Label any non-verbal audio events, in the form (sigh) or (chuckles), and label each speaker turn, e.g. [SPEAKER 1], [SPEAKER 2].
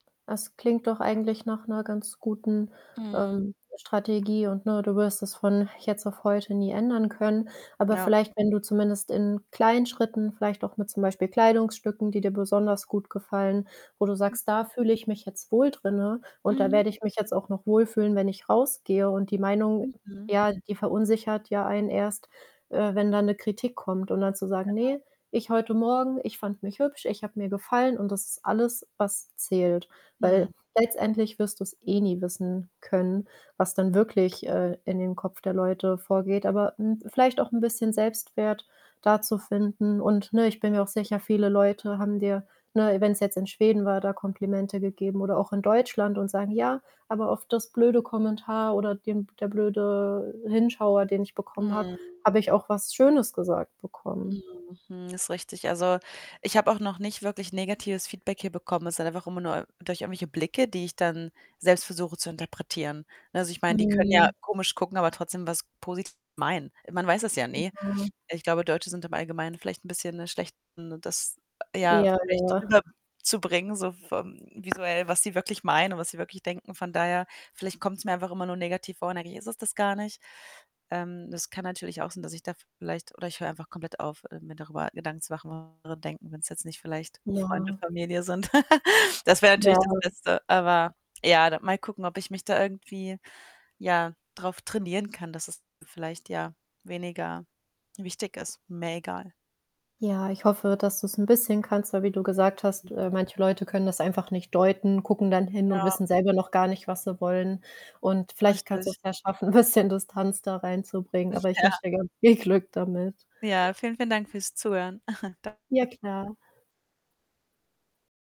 [SPEAKER 1] Das klingt doch eigentlich nach 'ner ganz guten,
[SPEAKER 2] Mhm.
[SPEAKER 1] ähm, Strategie. Und, ne, du wirst es von jetzt auf heute nie ändern können. Aber
[SPEAKER 2] Ja.
[SPEAKER 1] vielleicht, wenn du zumindest in kleinen Schritten vielleicht auch mit, zum Beispiel Kleidungsstücken, die dir besonders gut gefallen, wo du sagst: „Da
[SPEAKER 2] Mhm.
[SPEAKER 1] fühle ich mich jetzt wohl drinne und da
[SPEAKER 2] Mhm.
[SPEAKER 1] werde ich mich jetzt auch noch wohlfühlen, wenn ich rausgehe." Und die Meinung,
[SPEAKER 2] Mhm.
[SPEAKER 1] ja, die verunsichert ja einen erst, äh, wenn da 'ne Kritik kommt. Und dann zu sagen:
[SPEAKER 2] Genau.
[SPEAKER 1] „Ne, ich heute Morgen ich fand mich hübsch. Ich habe mir gefallen.” Und das ist alles, was zählt. Weil
[SPEAKER 2] Hm.
[SPEAKER 1] letztendlich wirst du's eh nie wissen können, was dann wirklich, äh, in dem Kopf der Leute vorgeht. Aber, hm, vielleicht auch 'n bisschen Selbstwert da zu finden. Und, ne, ich bin mir auch sicher, viele Leute haben dir, ne, wenn's jetzt in Schweden war, da Komplimente gegeben oder auch in Deutschland und sagen: „Ja, aber auf das blöde Kommentar oder den der blöde Hinschauer, den ich bekommen habe,
[SPEAKER 2] Mhm.
[SPEAKER 1] habe ich auch was Schönes gesagt bekommen.“
[SPEAKER 2] Mhm, hm, ist richtig. Also, ich habe auch noch nicht wirklich negatives Feedback hier bekommen. Es sind einfach immer nur durch irgendwelche Blicke, die ich dann selbst versuche zu interpretieren, ne? Also, ich meine, die können ja
[SPEAKER 1] Hm.
[SPEAKER 2] komisch gucken, aber trotzdem was Positives meinen. Man weiß es ja nie.
[SPEAKER 1] (unintelligible)
[SPEAKER 2] Ich glaube, Deutsche sind im Allgemeinen vielleicht 'n bisschen 'ne schlecht ne, das ja
[SPEAKER 1] Ja,
[SPEAKER 2] vielleicht
[SPEAKER 1] ja.
[SPEAKER 2] rüber zubringen so vom visuell, was sie wirklich meinen und was sie wirklich denken. Von daher, vielleicht kommt's mir einfach immer nur negativ vor und eigentlich ist es das gar nicht. Ähm, das kann natürlich auch sein, dass ich da vielleicht oder ich höre einfach komplett auf, äh, mir darüber Gedanken zu machen was andere denken, wenn's jetzt nicht vielleicht Freunde,
[SPEAKER 1] Ja.
[SPEAKER 2] Familie sind. (chuckles) Das wäre natürlich
[SPEAKER 1] Ja.
[SPEAKER 2] das Beste. Aber, ja, da mal gucken, ob ich mich da irgendwie, ja, drauf trainieren kann, dass es vielleicht, ja, weniger wichtig ist, mehr egal.
[SPEAKER 1] Ja, ich hoffe, dass du's 'n bisschen kannst. Weil wie du gesagt hast,
[SPEAKER 2] (unintelligible)
[SPEAKER 1] äh, manche Leute können das einfach nicht deuten, gucken dann hin und
[SPEAKER 2] Ja.
[SPEAKER 1] wissen selber noch gar nicht, was sie wollen. Und vielleicht kannst
[SPEAKER 2] Richtig.
[SPEAKER 1] du's ja schaffen, 'n bisschen Distanz da reinzubringen,
[SPEAKER 2] (chuckles)
[SPEAKER 1] aber ich
[SPEAKER 2] Ja.
[SPEAKER 1] wünsche dir ganz viel Glück damit.
[SPEAKER 2] Ja, vielen, vielen Dank fürs Zuhören. (chuckles) Danke.
[SPEAKER 1] Ja, klar.